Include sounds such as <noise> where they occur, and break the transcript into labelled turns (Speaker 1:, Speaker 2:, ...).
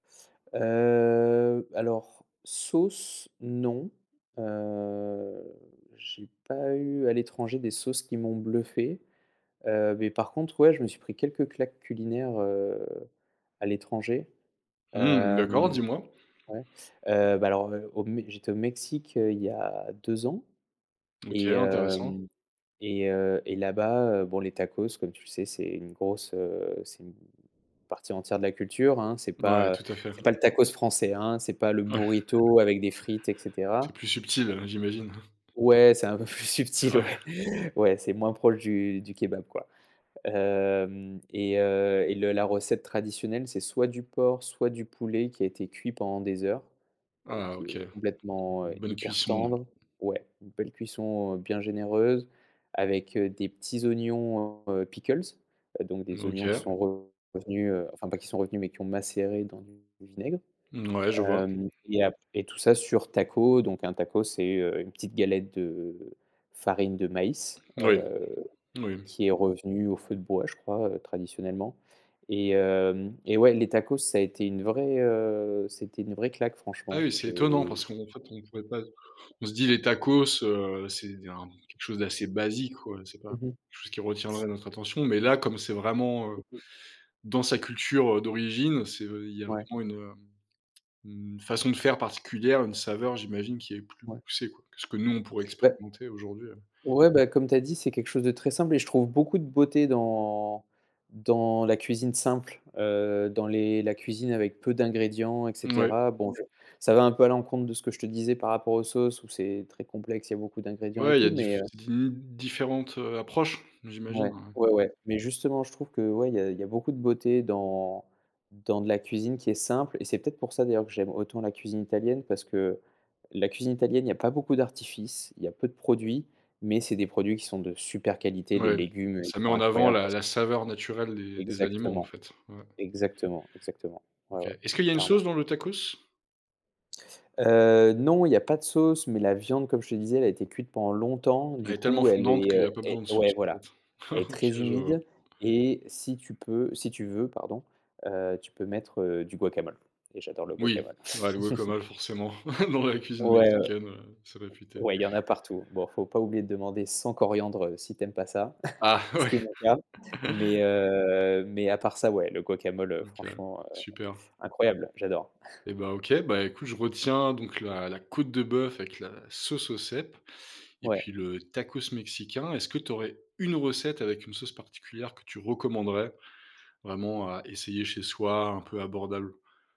Speaker 1: Heu, alors sauce, non, heu, j'ai pas eu à l'étranger des sauces qui m'ont bluffé, heu, mais par contre, ouais, je me suis pris quelques claques culinaires, heu, à l'étranger.
Speaker 2: Mmh d'accord,
Speaker 1: Hem,
Speaker 2: dis-moi.
Speaker 1: ouais, heu, bah alors au Mé j'étais au Mexique, heu, il y a 2 ans
Speaker 2: OK,
Speaker 1: et
Speaker 2: intéressant.
Speaker 1: hem et heu et là-bas heu bon les tacos comme tu sais c'est une grosse, heu, c'est une partie entière de la culture hein. C'est
Speaker 2: Ouais,
Speaker 1: pas, heu,
Speaker 2: tout à fait.
Speaker 1: c'est pas le tacos français, hein. C'est pas le
Speaker 2: Ouais.
Speaker 1: burrito avec des frites et
Speaker 2: C'est
Speaker 1: cetera.
Speaker 2: plus subtil, heu, j'imagine.
Speaker 1: Ouais c'est un peu plus subtil,
Speaker 2: Ouais.
Speaker 1: ouais, ouais, c'est moins proche du du kebab quoi. Hem et heu et le la recette traditionnelle c'est soit du porc soit du poulet qui a été cuit pendant des heures, heu,
Speaker 2: Ah
Speaker 1: qui
Speaker 2: OK,
Speaker 1: est complètement, heu,
Speaker 2: une bonne
Speaker 1: hyper
Speaker 2: cuisson.
Speaker 1: tendre. Ouais, une belle cuisson bien généreuse avec, heu, des petits oignons pickles, donc des oignons qui
Speaker 2: OK.
Speaker 1: sont revenus, enfin pas qui sont revenus, mais qui ont macéré dans du vinaigre,
Speaker 2: Mouais, je vois.
Speaker 1: hem, et ap et tout ça sur tacos donc un tacos c'est une petite galette de farine de maïs,
Speaker 2: Oui,
Speaker 1: heu,
Speaker 2: oui.
Speaker 1: qui est revenue au feu de bois je crois, heu, traditionnellement et hem et ouais les tacos ça a été une vraie, heu, c'était une vraie claque
Speaker 2: Ah
Speaker 1: franchement.
Speaker 2: oui, c'est étonnant
Speaker 1: J'ai
Speaker 2: parce qu'en fait, on pouvait pas on se dit: «Les tacos, heu, c'est des quelque chose d'assez basique» quoi, c'est pas
Speaker 1: Mmh mh.
Speaker 2: quelque chose qui retiendrait notre attention. Mais là, comme c'est vraiment, heu,
Speaker 1: Très peu.
Speaker 2: dans sa culture, heu, d'origine, c'est il y a
Speaker 1: Ouais.
Speaker 2: vraiment une, heu, une façon de faire particulière, une saveur, j'imagine, qui est plus
Speaker 1: Ouais.
Speaker 2: poussée, quoi. Que ce que nous, on pourrait
Speaker 1: Beh
Speaker 2: expérimenter aujourd'hui, heu
Speaker 1: ouais beh comme tu as dit c'est quelque chose de très simple et je trouve beaucoup de beauté dans dans la cuisine simple, heu, dans les la cuisine avec peu d'ingrédients et
Speaker 2: Ouais.
Speaker 1: cetera. Bon je ça va un peu à l'encontre de ce que je te disais par rapport aux sauces où c'est très complexe, il y a beaucoup d'ingrédients et
Speaker 2: Ouais, il y
Speaker 1: tout
Speaker 2: a
Speaker 1: mais,
Speaker 2: diff
Speaker 1: heu
Speaker 2: di différentes, heu, approches, j'imagine
Speaker 1: Ouais,
Speaker 2: ouais.
Speaker 1: ouais, ouais, mais justement je trouve que, ouais, il y a il y a beaucoup de beauté dans dans de la cuisine qui est simple et c'est peut-être pour ça d'ailleurs que j'aime autant la cuisine italienne. Parce que la cuisine italienne, il y a pas beaucoup d'artifices. Il y a peu de produits, mais c'est des produits qui sont de super qualité, des
Speaker 2: Oui,
Speaker 1: légumes, heu,
Speaker 2: ça
Speaker 1: qui
Speaker 2: met
Speaker 1: sont
Speaker 2: en avant
Speaker 1: incroyables
Speaker 2: la
Speaker 1: parce q
Speaker 2: la saveur naturelle des des aliments en
Speaker 1: Exactement.
Speaker 2: fait. Ouais.
Speaker 1: Exactement, exactement, ouais,
Speaker 2: OK.
Speaker 1: ouais,
Speaker 2: Est-ce qu'il y a une
Speaker 1: clairement.
Speaker 2: sauce dans le tacos?
Speaker 1: Heu, non, il y a pas de sauce, mais la viande comme je te disais, elle a été cuite pendant longtemps
Speaker 2: Elle
Speaker 1: du
Speaker 2: est tellement
Speaker 1: coup elle
Speaker 2: fondante
Speaker 1: est,
Speaker 2: qu'il y
Speaker 1: heu
Speaker 2: a pas
Speaker 1: et
Speaker 2: besoin de
Speaker 1: ouais
Speaker 2: sauce en
Speaker 1: voilà.
Speaker 2: fait?
Speaker 1: Elle est
Speaker 2: OK
Speaker 1: très
Speaker 2: je vois.
Speaker 1: humide et si tu peux si tu veux pardon, heu, tu peux mettre, heu, du guacamole et j'adore le
Speaker 2: Oui,
Speaker 1: guacamole.
Speaker 2: bah le guacamole
Speaker 1: <chuckles>
Speaker 2: forcément <chuckles> dans la cuisine
Speaker 1: Ouais,
Speaker 2: mexicaine, heu, c'est réputé.
Speaker 1: ouais il y en a partout. Bon il faut pas oublier de demander sans coriandre si tu aimes pas ça,
Speaker 2: Ah
Speaker 1: <chuckles> ce
Speaker 2: ouais.
Speaker 1: qui est mon cas, mais,
Speaker 2: <chuckles>
Speaker 1: heu, mais à part ça ouais le guacamole, heu,
Speaker 2: OK,
Speaker 1: franchement, heu,
Speaker 2: super.
Speaker 1: incroyable j'adore.
Speaker 2: Et ben OK, ben écoute, je retiens donc la la côte de bœuf avec la sauce aux cèpes et puis
Speaker 1: Ouais.
Speaker 2: le tacos mexicain. Est-ce que tu aurais une recette avec une sauce particulière que tu recommanderais vraiment à essayer chez soi? Un peu abordable.